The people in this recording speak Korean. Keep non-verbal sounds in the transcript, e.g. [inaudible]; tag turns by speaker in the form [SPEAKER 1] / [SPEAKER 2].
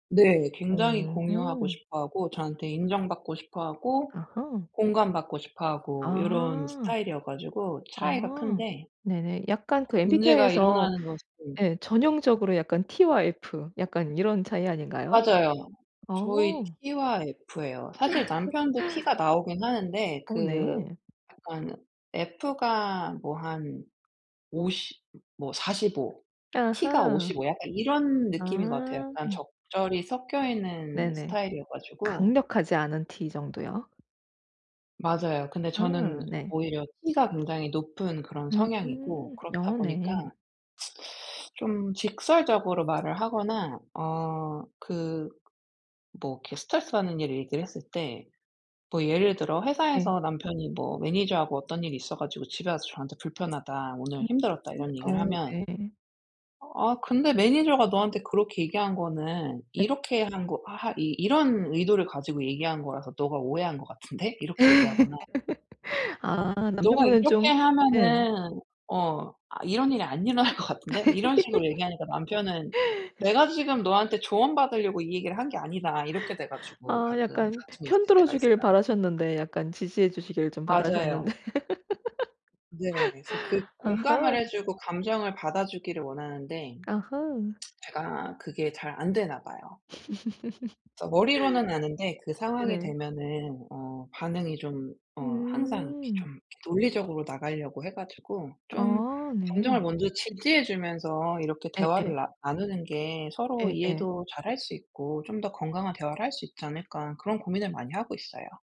[SPEAKER 1] 네. 굉장히 공유하고
[SPEAKER 2] 음음.
[SPEAKER 1] 싶어하고 저한테 인정받고 싶어하고
[SPEAKER 2] 아하.
[SPEAKER 1] 공감받고 싶어 하고 요런
[SPEAKER 2] 아.
[SPEAKER 1] 스타일이어 가지고 차이가
[SPEAKER 2] 아
[SPEAKER 1] 큰데
[SPEAKER 2] 네네. 약간 그
[SPEAKER 1] 문제가
[SPEAKER 2] MBTI에서
[SPEAKER 1] 일어나는 것은
[SPEAKER 2] 예. 전형적으로 약간 T와 F 약간 이런 차이 아닌가요?
[SPEAKER 1] 맞아요. 저희
[SPEAKER 2] 어.
[SPEAKER 1] T와 F예요. 사실 남편도 T가
[SPEAKER 2] [laughs]
[SPEAKER 1] 나오긴 하는데
[SPEAKER 2] 어
[SPEAKER 1] 그
[SPEAKER 2] 네.
[SPEAKER 1] 약간 F가 뭐 한 50 뭐 45 T가
[SPEAKER 2] 아하.
[SPEAKER 1] 55 약간 이런 느낌인 것 같아요.
[SPEAKER 2] 아.
[SPEAKER 1] 약간 적절히 섞여 있는
[SPEAKER 2] 네네.
[SPEAKER 1] 스타일이어 가지고
[SPEAKER 2] 강력하지 않은 T 정도요.
[SPEAKER 1] 맞아요. 근데
[SPEAKER 2] 아
[SPEAKER 1] 저는
[SPEAKER 2] 네.
[SPEAKER 1] 오히려 T가 굉장히 높은 그런
[SPEAKER 2] 음.
[SPEAKER 1] 성향이고 그렇다
[SPEAKER 2] 어
[SPEAKER 1] 보니까
[SPEAKER 2] 네.
[SPEAKER 1] [sucks teeth] 좀 직설적으로 말을 하거나 어 그 뭐 이렇게 스트레스받는 일을 얘기를 했을 때 뭐 예를 들어
[SPEAKER 2] 네.
[SPEAKER 1] 회사에서 남편이 뭐 매니저하고 어떤 일이 있어 가지고 집에 와서 저한테 "불편하다
[SPEAKER 2] 음
[SPEAKER 1] 오늘 힘들었다."
[SPEAKER 2] 음
[SPEAKER 1] 이런 얘기를
[SPEAKER 2] 어
[SPEAKER 1] 하면
[SPEAKER 2] 네.
[SPEAKER 1] "아 근데 매니저가 너한테 그렇게 얘기한 거는
[SPEAKER 2] 네.
[SPEAKER 1] 이렇게 한 거 하 하 이 이런 의도를 가지고 얘기한 거라서 너가 오해한 것 같은데?" 이렇게 얘기하거나
[SPEAKER 2] [laughs] 아
[SPEAKER 1] "너가
[SPEAKER 2] 남편분은
[SPEAKER 1] 이렇게
[SPEAKER 2] 좀 예.
[SPEAKER 1] 하면은 어 아 이런 일이 안 일어날 것 같은데?" 이런 식으로 얘기하니까 남편은
[SPEAKER 2] [laughs]
[SPEAKER 1] "내가 지금 너한테 조언받으려고 이 얘기를 한 게 아니다." 이렇게 돼 가지고
[SPEAKER 2] 아
[SPEAKER 1] 가끔
[SPEAKER 2] 약간
[SPEAKER 1] 다툼이 있을 때가
[SPEAKER 2] 편들어주길
[SPEAKER 1] 있어요.
[SPEAKER 2] 바라셨는데 약간 지지해 주시길 좀
[SPEAKER 1] 맞아요.
[SPEAKER 2] 바라셨는데.
[SPEAKER 1] 네. 그래서 그
[SPEAKER 2] [laughs]
[SPEAKER 1] 공감을
[SPEAKER 2] 아하.
[SPEAKER 1] 해 주고 감정을 받아주기를 원하는데
[SPEAKER 2] 아하.
[SPEAKER 1] 제가 그게 잘 안 되나 봐요. 그래서 머리로는 아는데 그
[SPEAKER 2] [laughs]
[SPEAKER 1] 상황이
[SPEAKER 2] 네네.
[SPEAKER 1] 되면은 어 반응이 좀 어 항상 이렇게
[SPEAKER 2] 음.
[SPEAKER 1] 좀 이렇게 논리적으로 나가려고 해 가지고 좀
[SPEAKER 2] 아 네.
[SPEAKER 1] 감정을 먼저 지지해 주면서 이렇게
[SPEAKER 2] 예예.
[SPEAKER 1] 대화를 나 나누는 게 서로
[SPEAKER 2] 예예.
[SPEAKER 1] 이해도 잘할 수 있고 좀 더 건강한 대화를 할 수 있지 않을까 그런 고민을 많이 하고 있어요.